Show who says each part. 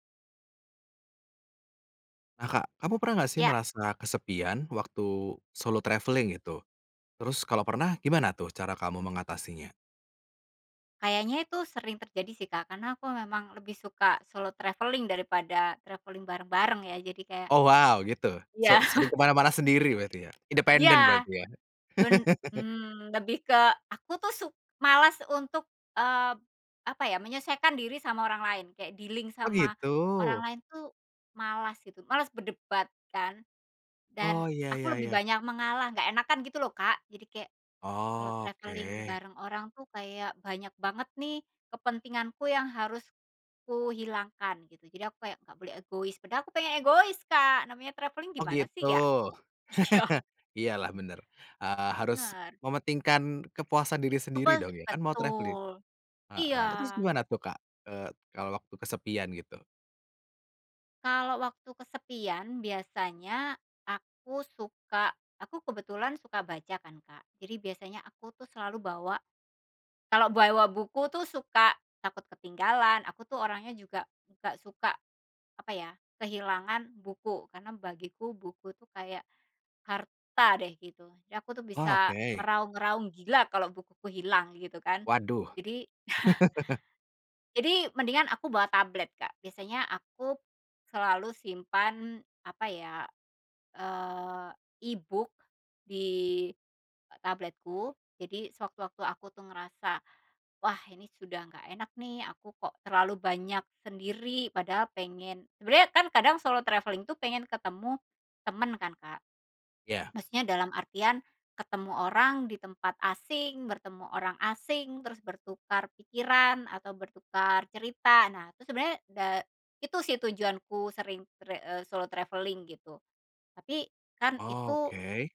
Speaker 1: Ah, Kak, kamu pernah nggak sih
Speaker 2: Ya.
Speaker 1: merasa kesepian waktu solo travelling itu? Terus kalau pernah gimana tuh cara kamu mengatasinya?
Speaker 2: Kayaknya itu sering terjadi sih, Kak, karena aku memang lebih suka solo travelling, daripada travelling bareng-bareng ya. Jadi, kayak
Speaker 1: Oh, wow! Gitu? Se
Speaker 2: Iya.
Speaker 1: sering kemana-mana sendiri berarti ya independen
Speaker 2: Iya.
Speaker 1: berarti ya?
Speaker 2: Ben mmm, lebih ke aku tuh suk malas untuk eee, apa ya, menyesuaikan diri sama orang lain, kayak dealing
Speaker 1: Oh,
Speaker 2: sama
Speaker 1: gitu?
Speaker 2: orang lain tuh malas gitu, malas berdebat kan. Dan,
Speaker 1: Oh, iya iya
Speaker 2: aku lebih
Speaker 1: iya.
Speaker 2: banyak mengalah nggak enakan gitu loh, Kak. Jadi, kayak kalau travelling
Speaker 1: Oke.
Speaker 2: bareng orang tuh kayak banyak banget nih kepentinganku yang harus kuhilangkan, gitu. Jadi, aku kayak nggak boleh egois, padahal aku pengen egois, Kak. Namanya travelling
Speaker 1: Oh,
Speaker 2: gimana sih,
Speaker 1: gitu?
Speaker 2: ya? Syok.
Speaker 1: Iya lah bener, eee, harus
Speaker 2: Benar.
Speaker 1: mementingkan kepuasan diri sendiri
Speaker 2: Kepuas
Speaker 1: dong ya, kan mau traveling?
Speaker 2: betul, iya.
Speaker 1: Heeh, terus gimana tuh Kak, eee, kalau waktu kesepian, gitu?
Speaker 2: Kalau waktu kesepian, biasanya aku suka aku kebetulan suka baca kan, Kak. Jadi biasanya aku tuh selalu bawa kalau bawa buku tuh suka takut ketinggalan, aku tuh orangnya juga nggak suka, apa ya, kehilangan buku. Karena bagiku, buku itu kayak harta deh, gitu. Jadi, aku tuh
Speaker 1: Oh,
Speaker 2: bisa
Speaker 1: oke.
Speaker 2: meraung-raung gila kalau bukuku hilang, gitu kan.
Speaker 1: Waduh.
Speaker 2: Jadi jadi mendingan aku bawa tablet, Kak. Biasanya aku selalu simpan, apa ya, eee, e-book di tabletku. Jadi, sewaktu-waktu aku tuh ngerasa, "Wah, ini sudah nggak enak nih, aku kok terlalu banyak sendiri, padahal pengen" sebenernya kan kadang solo travelling tuh pengen ketemu temen kan, Kak.
Speaker 1: Iya.
Speaker 2: Maksudnya dalam artian ketemu orang di tempat asing, bertemu orang asing, terus bertukar pikiran atau bertukar cerita. Nah itu sebenernya da itu sih tujuanku sering tre eee, solo travelling gitu. Tapi, kan
Speaker 1: Oh,
Speaker 2: itu
Speaker 1: oke.